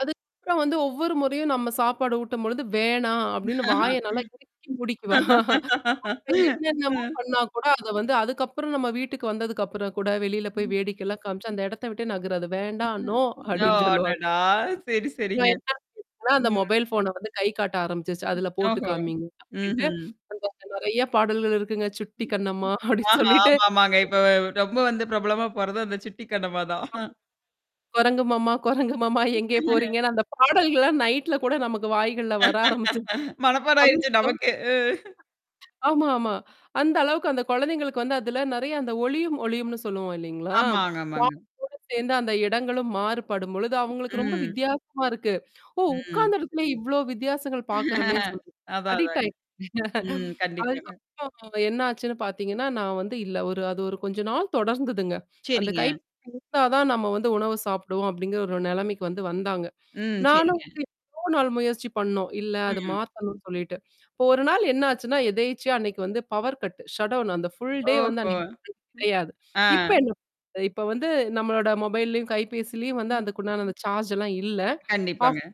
அதுக்கப்றம் வந்து ஒவ்வொரு முறையும் நம்ம சாப்பாடு ஊட்டும்பொழுது, வேணாம். அப்டின்னு வாய நல்லா இறுக்கி மூடிக்குவா? நாம அ. என்னென்னமோ பண்ணா கூட அத வந்து அதுக்கப்புறம் நம்ம வீட்டுக்கு வந்ததுக்கப்புறம் கூட, வெளில போய் ம். வேடிக்கைல்லாம் காமிச்சு அந்த இடத்த விட்டே நகராது. "வேண்டாம்! நோ" ஓ அப்படின்னு சொல்லுவா. அடடா! சரி, சரிங்க. நான் என்ன செய்வேன்னா, அந்த ம். மொபைல் ஃபோன்ன வந்து கைகாட்ட ஆரம்பிச்சுருச்சு. "அதுல போட்டு ஓஹோ! காமிங்க." அப்படின்ட்டு ம்ஹ்ம். அந்த நெறையா பாடல்கள் இருக்குங்க. சுட்டி கண்ணம்மா, அப்படின்னு ஆஹா, சொல்லிட்டு, ஆமாமாங்க. இப்ப [unintelligible] ரொம்ப வந்து பிரபலமா போறது அந்த சுட்டி கண்ணமா தான். ஆம். குரங்கு மாமா, குரங்கு மாம்மா, எங்கே போறீங்கன்னு அந்த பாடல்கள்லாம் நைட்ல கூட நமக்கு வாய்கள்ல வர ஆரம்பிச்சது. மனப்பாடம் அதுவும் ஆயிடுச்சு [unintelligible] நமக்கே. அ. ஆமா, ஆமா. அந்த அளவுக்கு அந்த குழந்தைங்களுக்கு வந்து, அதுல நெறைய அந்த ஒளியும், ஒலியும்னு சொல்லுவோம் இல்லைங்களா? ஆமாங்க, வா ஆமாங்க. [unintelligible] கூட சேர்ந்து அந்த இடங்களும் மாறுபடும் பொழுது அவங்களுக்கு ரொம்ப ம். வித்தியாசமா இருக்கு. ஓ! ம். உட்கார்ந்த இடத்திலேயே இவ்ளோ வித்தியாசங்கள் பார்க்கறமேன்னு சொல்லீட்டு அதான், அடிக்ட் அதாங்க. ஆயிச்சு. ம். கண்டிப்பாங்க. அதுக்கப்புறம் என்னாச்சுன்னு பாத்தீங்கன்னா, நான் வந்து இல்ல. ஒரு அது ஒரு கொஞ்ச நாள் தொடர்ந்துதுங்க. அந்த சரிங்க. கைபேசி இருந்தா தான் நம்ம வந்து உணவ சாப்பிடுவோம் அப்டிங்கிற ஒரு நிலைமைக்கு வந்து வந்தாங்க. ம். நானும் சரிங்க. வந்து எவ்ளோ நாள் முயற்சி பண்ணோம். இல்ல அத ம். மாத்தணும்னு சொல்லிட்டு. இப்ப ஒரு நாள் என்னாச்சுன்னா, எதேர்ச்சியா அன்னைக்கு வந்து பவர் கட்டு, ஷட்டவுன் அந்த ஃபுல் டே ஓஹோ! வந்து அன்னை [unintelligible] ம். கெடையாது. அ. இப்ப என்ன [unintelligible] இப்ப வந்து நம்மளோட மொபைல்லயும், கைபேசிலயும் வந்து ம். அதுக்குண்டான அந்த சார்ஜ் எல்லாம் இல்ல. ஆஃப் கண்டிப்பாங்க.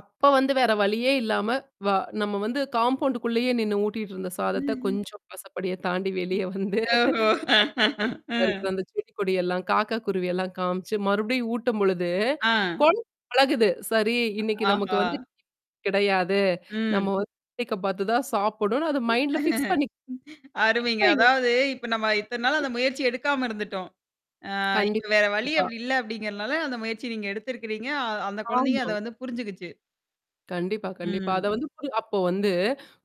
அப்ப வந்து வேற வழியே இல்லாம, வ நம்ம வந்து காம்பவுண்ட்குள்ளேயே நின்னு ஊட்டிட்டு இருந்த சாதத்த, ம்ஹ்ம். கொஞ்சம் வாசப்படிய தாண்டி வெளியே வந்து, ஓஹோ! அ. [unintelligible] அந்த செடி கொடியெல்லாம், காக்கா குருவியெல்லாம் காமிச்சு மறுபடியும் ஊட்டும் பொழுது, ஆ. கொழந்த பழகுது. சரி இன்னைக்கு நமக்கு ஆஹா! வந்து [unintelligible] கிடையாது. நம்ம ம். வந்து வேடிக்க பாத்து தான் சாப்புடணும்னு அது மைண்ட்ல ஃபிக்ஸ் பண்ணிக் [unintelligible] அருமைங்க. இப்பயங்க. அதாவது இப்ப நம்ம இத்தனை நாள் [unintelligible] அந்த முயற்சி எடுக்காம இருந்துட்டோம். அ இப்ப வேற வழி கண்டிப்பா. அப்படி இல்ல அப்டிங்கிறனால அந்த முயற்சிய நீங்க எடுத்திருக்கிறீங்க. அ அந்த குழந்தைையும் ஆமா. அத வந்து புரிஞ்சுகிச்சு. கண்டிப்பா, கண்டிப்பா. அத ம். வந்து பு அப்போ வந்து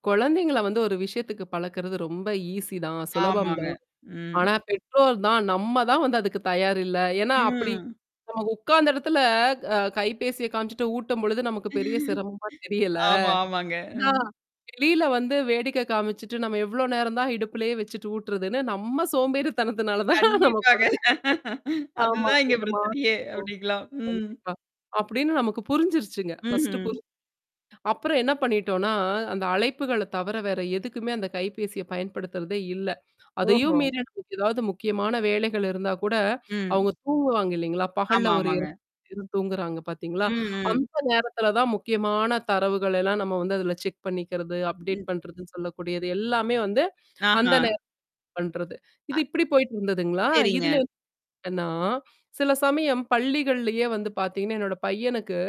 குழந்தைங்கள வந்து ஒரு விஷயத்துக்கு பழக்கறது ரொம்ப ஈஸி தான். சுலபம் ஆமாங்க. தான். ம். ஆனா பெற்றோர் தான், நம்ம தான் வந்து அதுக்கு தயார் இல்ல. ஏன்னா அப்படி, ம். நமக்கு உட்கார்ந்த இடத்துல க அ கைபேசிய காமிச்சுட்டு ஊட்டும்பொழுது நமக்கு பெரிய சிரமமா தெரியல. ஆமா, ஆமாங்க. நா ம். வெளியில வந்து வேடிக்கை காமிச்சுட்டு நம்ம எவ்ளோ நேரம் தான் இடுப்புலயே வச்சுட்டு ஊட்டு்றதுன்னு, நம்ம க சோம்பேறித்தனத்துனால தான் நம்ம கண்டிப்பாங்க. குழந்தை ஆமா அதுதான் இங்க இதமா. பிரச்சனையே! ஓ! அப்படிங்களாம். ம். கண்டிப்பா. அப்டின்னு நமக்கு புரிஞ்சிருச்சுங்க. ஃபர்ஸ்ட்டு ம்ஹ்ம். புரிஞ்சு அப்புறம் என்ன பண்ணிட்டோனா, அந்த அழைப்புகள தவிர வேற எதுக்குமே அந்த கைபேசிய பயன்படுத்துறதே இல்ல. அதையும் ஓஹோ! மீறி நமக்கு எதாவது முக்கியமான வேலைகள் இருந்தா கூட, ம். அவங்க தூங்குவாங்க இல்லைங்களா? ஆமா பகல்ல ஒரு ஆமாங்க. 2 மணி நேரம் தூங்குறாங்க பார்த்தீங்களா? ம், ம். அந்த நேரத்தில தான் முக்கியமான தரவுகள் எல்லாம் நம்ம வந்து அதுல செக் பண்ணிக்கிறது, அப்டேட் ம். பண்றதுன்னு சொல்லக்கூடியது. எல்லாமே வந்து அந்த ஆஹா. நேரம் பண்றது. இது அ இப்படி போயிட்டு இருந்ததுங்களா? இதுல சரிங்க. வந்து என்னனா, சில சமயம் பள்ளிகள்லயே வந்து பாத்தீங்கன்னா, என்னோட பையனுக்கு